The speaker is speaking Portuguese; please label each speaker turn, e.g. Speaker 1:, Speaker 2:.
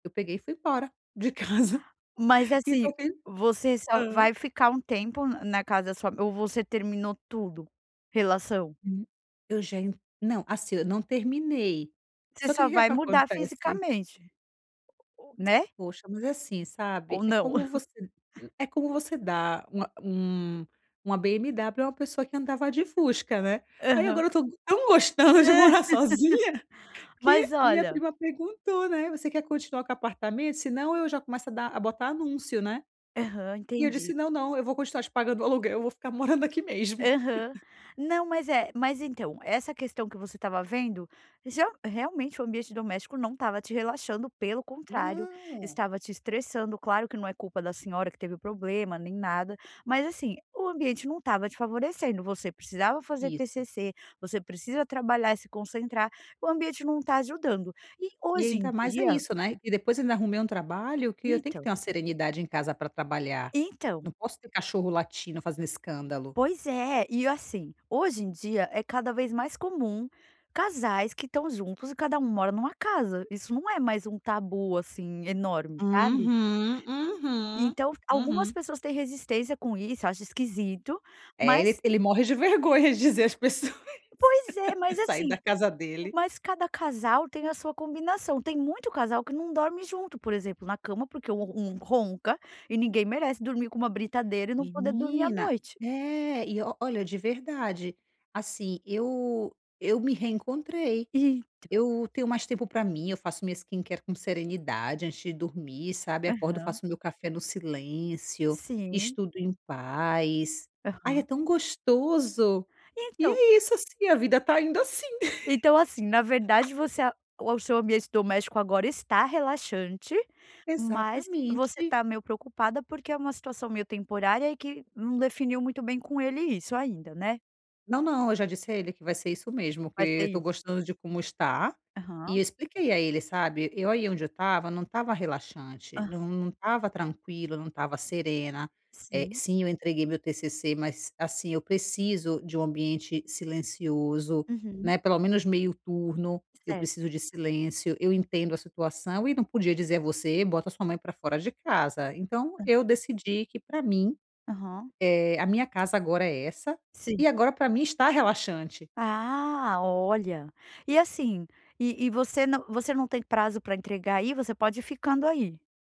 Speaker 1: Eu peguei e fui embora de casa
Speaker 2: Mas
Speaker 1: e
Speaker 2: assim,
Speaker 1: tô pen
Speaker 2: você só
Speaker 1: hã?
Speaker 2: vai ficar um tempo n na casa da sua m ou você terminou tudo, relação?
Speaker 1: Hum, eu já não assim eu não terminei,
Speaker 2: Você
Speaker 1: só que o
Speaker 2: só
Speaker 1: que
Speaker 2: vai mudar
Speaker 1: acontece
Speaker 2: fisicamente u, né?
Speaker 1: Poxa, mas é assim,
Speaker 2: Ou
Speaker 1: sabe. É
Speaker 2: não?
Speaker 1: como você é como você dar uma um uma BMW a uma pessoa que andava de Fusca, né? Aí,
Speaker 2: Aham.
Speaker 1: agora eu tô tão gostando de morar sozinha,
Speaker 2: Mas
Speaker 1: que minha
Speaker 2: olha
Speaker 1: prima perguntou, né: “Você quer continuar com apartamento? Senão, eu já começo a dar a botar anúncio, né?”
Speaker 2: Aham,
Speaker 1: E eu
Speaker 2: entendi.
Speaker 1: disse: “Não, não. Eu vou continuar te pagando o aluguel, eu vou ficar morando aqui mesmo.”
Speaker 2: Aham. Não, mas, eh, mas então, essa questão que você estava vendo, ge realmente o ambiente doméstico não estava te relaxando, pelo contrário,
Speaker 1: Não.
Speaker 2: estava te estressando. Claro que não é culpa da senhora que teve problema, nem nada, mas assim, o ambiente não estava te favorecendo. Você precisava fazer
Speaker 1: Isso.
Speaker 2: TCC, você precisa trabalhar e se concentrar, o ambiente não tá ajudando. E
Speaker 1: E
Speaker 2: hoje em
Speaker 1: ainda mais é
Speaker 2: dia
Speaker 1: isso, né, e depois ainda arrumei um trabalho que eu tenho que
Speaker 2: Então.
Speaker 1: ter uma serenidade em casa pra trabalhar,
Speaker 2: Então.
Speaker 1: não posso ter cachorro latindo, fazendo escândalo.
Speaker 2: Pois é. E assim, hoje em dia, é cada vez mais comum casais que estão juntos e cada um mora numa casa. Isso não é mais um tabu, assim, enorme, sabe?
Speaker 1: Uhum, uhum,
Speaker 2: Então, algumas
Speaker 1: uhum.
Speaker 2: pessoas têm resistência com isso acho esquisito
Speaker 1: É, ele
Speaker 2: mas
Speaker 1: ele morre de vergonha de dizer às pessoas,
Speaker 2: Pois é. Mas
Speaker 1: saí
Speaker 2: assim,
Speaker 1: da casa dele.
Speaker 2: mas cada casal tem a sua combinação. Tem muito casal que não dorme junto, por exemplo, na cama, porque um um ronca, e ninguém merece dormir com uma britadeira e não poder dormir à
Speaker 1: Menina,
Speaker 2: noite.
Speaker 1: é e olha, de verdade, assim, eu eu me reencontrei,
Speaker 2: Então.
Speaker 1: eu tenho mais tempo pra mim, eu faço minha skincare com serenidade antes de dormir, sabe? Acordo,
Speaker 2: Aham.
Speaker 1: faço o meu café no silêncio,
Speaker 2: Sim.
Speaker 1: estudo em paz, ai, é
Speaker 2: Aham.
Speaker 1: tão gostoso! E
Speaker 2: Então.
Speaker 1: é isso, assim, a vida está indo assim.
Speaker 2: Então assim, na verdade, você, a o seu ambiente doméstico agora está relaxante, mas você
Speaker 1: Exatamente.
Speaker 2: tá meio preocupada, porque é uma situação meio temporária e que não definiu muito bem com ele isso ainda, né?
Speaker 1: Não, não, eu já disse a ele que vai ser isso mesmo, porque
Speaker 2: Vai ser
Speaker 1: eu tô
Speaker 2: isso.
Speaker 1: gostando de como está, e
Speaker 2: Aham.
Speaker 1: eu expliquei a ele, sabe. Eu aí onde eu estava não estava relaxante,
Speaker 2: Aham.
Speaker 1: não estava tranquila, não estava serena, eh,
Speaker 2: Sim.
Speaker 1: sim, eu entreguei meu TCC, mas assim, eu preciso de um ambiente silencioso,
Speaker 2: Uhum.
Speaker 1: né. Pelo menos meio turno, eu
Speaker 2: Certo.
Speaker 1: preciso de silêncio. Eu entendo a situação e não podia dizer a você: “Bota a sua mãe pra fora de casa”. Então
Speaker 2: Hã.
Speaker 1: eu decidi que pra mim,
Speaker 2: Aham.
Speaker 1: eh, a minha casa agora é essa,
Speaker 2: Sim.
Speaker 1: e agora pra mim está relaxante.
Speaker 2: Ah, olha, e assim, e e você não você não tem prazo pra entregar aí, você pode ir ficando aí?